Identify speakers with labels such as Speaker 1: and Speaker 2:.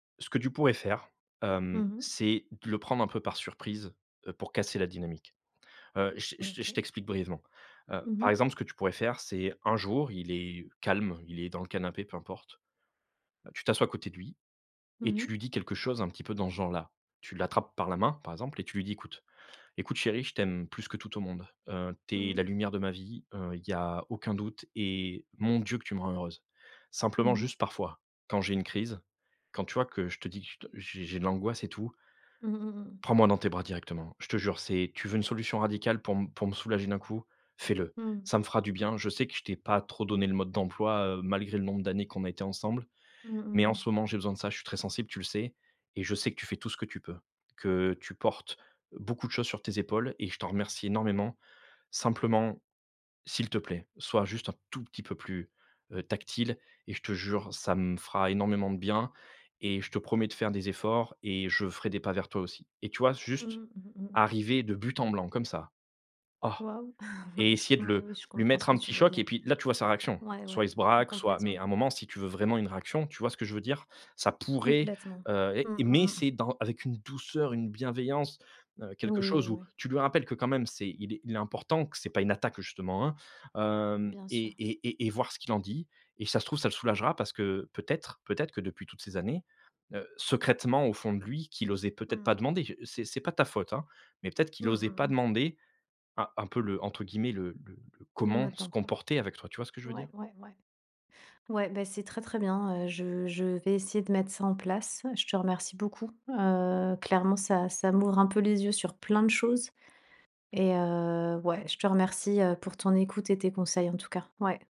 Speaker 1: Ce que tu pourrais faire,
Speaker 2: Mmh
Speaker 1: hem,
Speaker 2: mh.
Speaker 1: c'est de le prendre un peu par surprise, heu, pour casser la dynamique. Heu, j j je
Speaker 2: OK.
Speaker 1: t'explique brièvement. Heu,
Speaker 2: Mmh
Speaker 1: par
Speaker 2: mh.
Speaker 1: exemple, ce que tu pourrais faire, c'est un jour, il est calme, il est dans le canapé, peu importe. Tu t'assois à côté de lui et
Speaker 2: Mmh
Speaker 1: tu
Speaker 2: mh.
Speaker 1: lui dis quelque chose un petit peu dans ce genre là. Tu l'attrapes par la main par exemple et tu lui dis: «Écoute écoute chérie, je t'aime plus que tout au monde, heu,
Speaker 2: Mmh
Speaker 1: tu es
Speaker 2: mh.
Speaker 1: la lumière de ma vie, heu, il y a aucun doute et mon Dieu que tu me rends heureuse.
Speaker 2: Mmh
Speaker 1: Simplement
Speaker 2: mh.
Speaker 1: juste parfois, quand j'ai une crise, quand tu vois que je te dis que j j'ai j'ai de l'angoisse et tout»
Speaker 2: Mmh, mmh mh, mmh.
Speaker 1: «prends moi dans tes bras directement. Je te jure, c'est tu veux une solution radicale pour pour me soulager d'un coup, fais-le.
Speaker 2: Mmh.
Speaker 1: Ça me fera du bien. Je sais que je t'ai pas trop donné le mode d'emploi, heu, malgré le nombre d'années qu'on a été ensemble,
Speaker 2: Mmh, mmh
Speaker 1: mais en
Speaker 2: mh.
Speaker 1: ce moment j'ai besoin de ça, je suis très sensible, tu le sais et je sais que tu fais tout ce que tu peux, que tu portes beaucoup de choses sur tes épaules et je t'en remercie énormément, simplement, s'il te plaît, soit juste un tout petit peu plus, heu, tactile et je te jure, ça me fera énormément de bien et je te promets de faire des efforts et je ferai des pas vers toi aussi», et tu vois juste
Speaker 2: Mmh, mmh mh.
Speaker 1: arriver de but en blanc comme ça. Oh
Speaker 2: Wahou,
Speaker 1: et essayer de le
Speaker 2: ouais, je
Speaker 1: lui
Speaker 2: comprends ce
Speaker 1: mettre
Speaker 2: que
Speaker 1: un
Speaker 2: tu
Speaker 1: petit
Speaker 2: veux
Speaker 1: choc et
Speaker 2: dire
Speaker 1: puis là, tu vois sa réaction,
Speaker 2: ouais,
Speaker 1: soit
Speaker 2: ouais,
Speaker 1: il se braque, soit mais
Speaker 2: complètement.
Speaker 1: à un moment si tu veux vraiment une réaction, tu vois ce que je veux dire? Ça pourrait,
Speaker 2: Complètement.
Speaker 1: heu,
Speaker 2: Mmh
Speaker 1: et
Speaker 2: mh,
Speaker 1: mais
Speaker 2: mmh.
Speaker 1: c'est dans avec une douceur, une bienveillance, heu, quelque
Speaker 2: Oui, oui,
Speaker 1: chose où
Speaker 2: oui.
Speaker 1: tu lui rappelles que quand même c'est il est il est important que c'est pas une attaque justement, hein? Hem,
Speaker 2: Bien
Speaker 1: et
Speaker 2: sûr.
Speaker 1: et et et voir ce qu'il en dit et ça se trouve ça le soulagera parce que peut-être peut-être que depuis toutes ces années, heu, secrètement au fond de lui qu'il osait peut-être
Speaker 2: Mmh.
Speaker 1: pas demander, c'est c'est pas de ta faute hein, mais peut-être qu'il
Speaker 2: Mmh
Speaker 1: osait
Speaker 2: mh,
Speaker 1: pas
Speaker 2: mmh.
Speaker 1: demander un un peu le entre guillemets le le le
Speaker 2: Le
Speaker 1: «comment
Speaker 2: mode
Speaker 1: se
Speaker 2: d'emploi.
Speaker 1: comporter avec toi», tu vois ce que je veux
Speaker 2: Ouais,
Speaker 1: dire?
Speaker 2: ouais, ouais. Ouais, bah, c'est très, très bien, heu, je je vais essayer de mettre ça en place. Je te remercie beaucoup, heu, clairement, ça ça m'ouvre un peu les yeux sur plein de choses et heu, ouais, je te remercie, heu, pour ton écoute et tes conseils en tout cas, ouais.